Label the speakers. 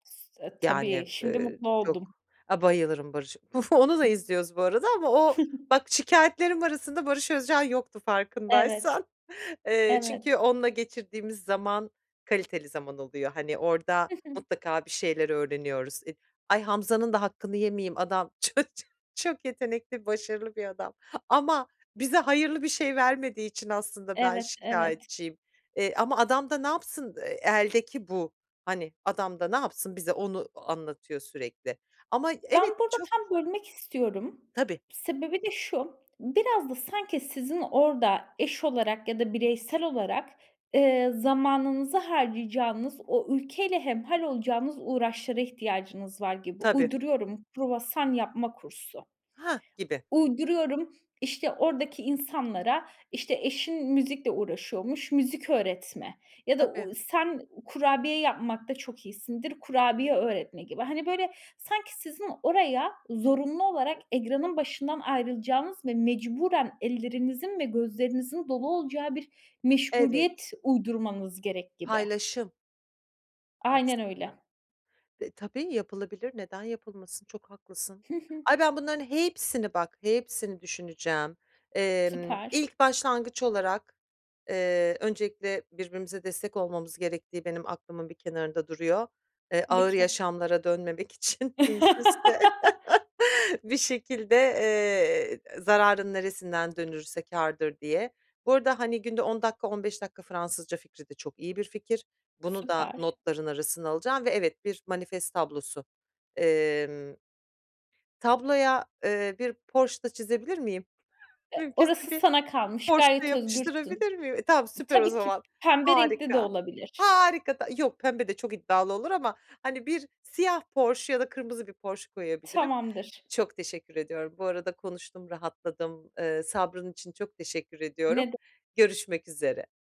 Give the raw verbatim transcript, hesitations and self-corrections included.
Speaker 1: S e, tabii.
Speaker 2: Yani,
Speaker 1: Şimdi
Speaker 2: eee,
Speaker 1: mutlu
Speaker 2: çok
Speaker 1: oldum.
Speaker 2: A, bayılırım Barış [unintelligible] Onu da izliyoruz bu arada ama o Bak şikâyetlerim arasında Barış Özcan yoktu
Speaker 1: Evet.
Speaker 2: farkındaysan. Eee, çünkü
Speaker 1: Evet.
Speaker 2: onunla geçirdiğimiz zaman kaliteli zaman oluyor. Hani orada
Speaker 1: Hı hı.
Speaker 2: mutlaka bir şeyler öğreniyoruz. Eee Ay Hamza'nın da hakkını yemeyeyim adam ç ço çok yetenekli başarılı bir adam ama bize hayırlı bir şey vermediği için aslında ben
Speaker 1: Evet, evet.
Speaker 2: şikâyetçiyim. Eee, ama adam da ne yapsın, eee, eldeki bu. Hani adam da ne yapsın bize onu a anlatıyor sürekli ama
Speaker 1: Ben
Speaker 2: evet
Speaker 1: burada
Speaker 2: çok
Speaker 1: tam bölmek istiyorum.
Speaker 2: Tabii.
Speaker 1: Sebebi de şu: Biraz da sanki sizin orada eş olarak ya da bireysel olarak, eee, zamanınızı harcayacağınız o ülkeyle hemhâl olacağınız uğraşlara ihtiyacınız var gibi.
Speaker 2: Tabii.
Speaker 1: Uyduruyorum, kruvasan yapma kursu.
Speaker 2: Heh, gibi.
Speaker 1: Uyduruyorum, işte,
Speaker 2: T
Speaker 1: oradaki insanlara, işte, eşin müzikle uğraşıyormuş, müzik öğretme ya da,
Speaker 2: Tabii.
Speaker 1: uuu, sen kurabiye yapmakta çok iyisindir, kurabiye öğretme gibi. Hani, böyle sanki sizin oraya zorunlu olarak egranın başından ayrılacağınız ve mecburen ellerinizin ve gözlerinizin dolu olacağı bir
Speaker 2: Evet.
Speaker 1: meşguliyet uydurmanız gerek gibi.
Speaker 2: Paylaşım
Speaker 1: Aynen
Speaker 2: aslında.
Speaker 1: öyle.
Speaker 2: Dı tabii yapılabilir. Neden yapılmasın? Çok haklısın.
Speaker 1: Hı hı.
Speaker 2: Ay, ben bunların hepsini bak, hepsini düşüneceğim. Emm,
Speaker 1: Süper.
Speaker 2: ilk başlangıç olarak, eee, öncelikle birbirimize destek olmamız gerektiği benim aklımın bir kenarında duruyor. Eee,
Speaker 1: Tabii
Speaker 2: Ağır
Speaker 1: ki.
Speaker 2: Yaşamlar'a dönmemek için mümkünse Bir şekilde, eee, e zararın neresinden dönülürse kârdır diye. Bu arada, hani, günde on dakika on beş dakika Fransızca fikri de çok iyi bir fikir bunu da
Speaker 1: Süper.
Speaker 2: notların arasına alacağım ve, evet, bir manifest tablosu. Emm tabloya, eee, bir Porsche da çizebilir miyim
Speaker 1: E,
Speaker 2: mümkünse
Speaker 1: orası
Speaker 2: bir
Speaker 1: sana kalmış,
Speaker 2: Porsche da
Speaker 1: gayet özgürsün.
Speaker 2: yapıştırabilir miyim? E, tamam
Speaker 1: Iıı,
Speaker 2: süper o
Speaker 1: tabii ki
Speaker 2: zaman,
Speaker 1: pembe renkli de
Speaker 2: harika,
Speaker 1: olabilir.
Speaker 2: harika. Da yok pembe de çok iddialı olur ama, hani, bir siyah Porsche ya da kırmızı bir Porsche koyabilirim.
Speaker 1: Tamamdır.
Speaker 2: Çok teşekkür ediyorum bu arada konuştum rahatladım. Iıı, sabrın için çok teşekkür
Speaker 1: Ne
Speaker 2: ediyorum.
Speaker 1: de
Speaker 2: Görüşmek üzere.